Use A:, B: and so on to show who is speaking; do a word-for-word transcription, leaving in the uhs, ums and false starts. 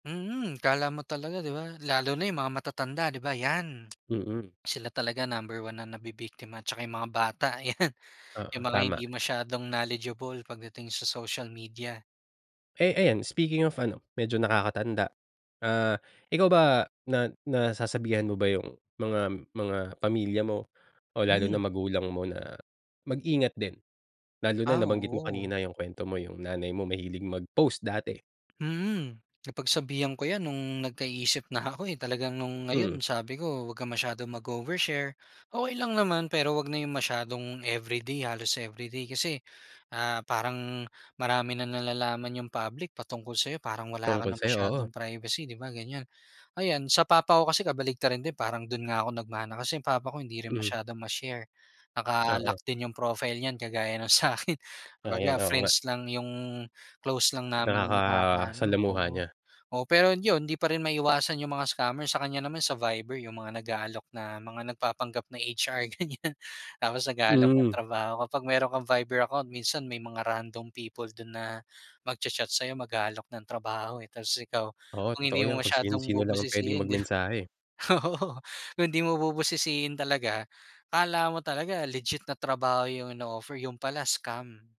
A: Mm akala mo talaga di ba? Lalo na yung mga matatanda di ba yan,
B: Mm.
A: sila talaga number one na nabibiktima tsaka yung mga bata yan, yung
B: Oo,
A: mga
B: tama.
A: hindi masyadong knowledgeable pagdating sa social media.
B: Eh ayan speaking of ano, medyo nakakatanda. Ah, ikaw ba na nasasabihan mo ba yung mga mga pamilya mo o lalo na
A: Hmm.
B: magulang mo na mag-ingat din. Lalo na
A: Ah,
B: nabanggit mo
A: oo.
B: kanina yung kwento mo yung nanay mo mahilig mag-post dati.
A: Mm. Napagsabihan ko yan nung nagka-isip na ako, eh, talaga nung
B: Hmm.
A: ngayon sabi ko wag kang masyadong mag-overshare. Okey lang naman pero wag na yung masyadong everyday, halos everyday kasi, ah, parang marami nang nalalaman yung public patungkol sayo parang wala ka
B: Tungkol
A: ng
B: sayo,
A: masyadong
B: oo.
A: privacy di ba, ganyan. Ayan sa papa ko kasi kabaliktaran din parang dun nga ako nag-mana kasi yung papa ko hindi rin
B: Hmm.
A: masyadong ma-share, naka-lock
B: Oo.
A: din yung profile niyan kagaya ng sakin
B: Ayan,
A: Kumbaga
B: oo nga.
A: friends lang yung, close lang namin ang nakaka-ano
B: Nakakasalamuha
A: oo
B: niya.
A: oo pero yun hindi pa rin maiwasan yung mga scammer, sa kanya naman sa Viber yung mga nag-aalok na mga nagpapanggap na H-R ganyan. Tapos nag-aalok ng
B: Hmm.
A: trabaho kapag meron kang Viber account minsan may mga random people dun na mag-cha-chat sayo, mag-aalok ng trabaho eh tapos ikaw,
B: Oo,
A: kung hindi
B: totoo
A: mo
B: yan kung
A: masyadong
B: sino-sino lang ang pwedeng
A: bubusisihin di ba,
B: mag-mensahe.
A: oo. Kung hindi mo bubusisihin talaga, akala mo talaga legit na trabaho yung ino-offer yun pala scam.